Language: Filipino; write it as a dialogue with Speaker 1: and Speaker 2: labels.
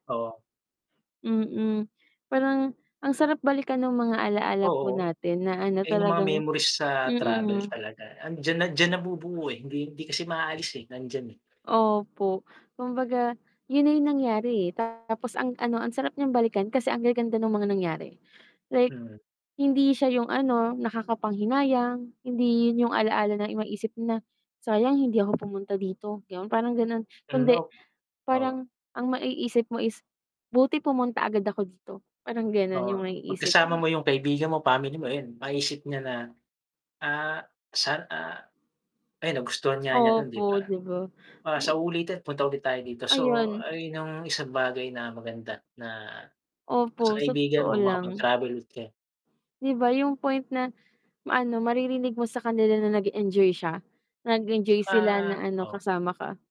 Speaker 1: Oo.
Speaker 2: Mm, parang ang sarap balikan ng mga alaala po
Speaker 1: Oo,
Speaker 2: natin, na ano
Speaker 1: ayun yung mga
Speaker 2: talagang
Speaker 1: memories sa travel
Speaker 2: mm.
Speaker 1: talaga, andiyan na diyan nabubuo, eh, hindi hindi kasi maalis, eh, nandiyan, eh.
Speaker 2: Opo, kumbaga yun na yung nangyari, eh, tapos ang ano ang sarap niyang balikan kasi ang gaganda ng mga nangyari, like
Speaker 1: Mhm.
Speaker 2: hindi siya yung, ano, nakakapanghinayang, hindi yun yung alaala na maisip mo na, "Sayang hindi ako pumunta dito," ganon parang ganon,
Speaker 1: Hmm,
Speaker 2: kundi
Speaker 1: nope oh.
Speaker 2: parang ang maiisip mo is, "Buti pumunta agad ako dito," parang ganon
Speaker 1: Oo,
Speaker 2: yung
Speaker 1: 'pag
Speaker 2: naiisip
Speaker 1: kasama mo
Speaker 2: mo.
Speaker 1: yung kaibigan mo, family mo, ayun maisip niya na, ah, san, ah ayan nagustuhan nga niya dun
Speaker 2: Opo,
Speaker 1: 'di ba?
Speaker 2: 'di ba?
Speaker 1: "Ah, sa
Speaker 2: O.
Speaker 1: uulitin punta ulit tayo dito," so
Speaker 2: Ayun.
Speaker 1: ayun yung isang bagay na maganda, na sa
Speaker 2: Opo, sa
Speaker 1: kaibigan
Speaker 2: totoo
Speaker 1: mo
Speaker 2: lang.
Speaker 1: makapag-travel ulit kayo.
Speaker 2: 'Di ba yung point na maano maririnig mo sa kanila na nag-enjoy siya, nag-enjoy sila
Speaker 1: Tsaka
Speaker 2: na ano
Speaker 1: oh.
Speaker 2: kasama ka.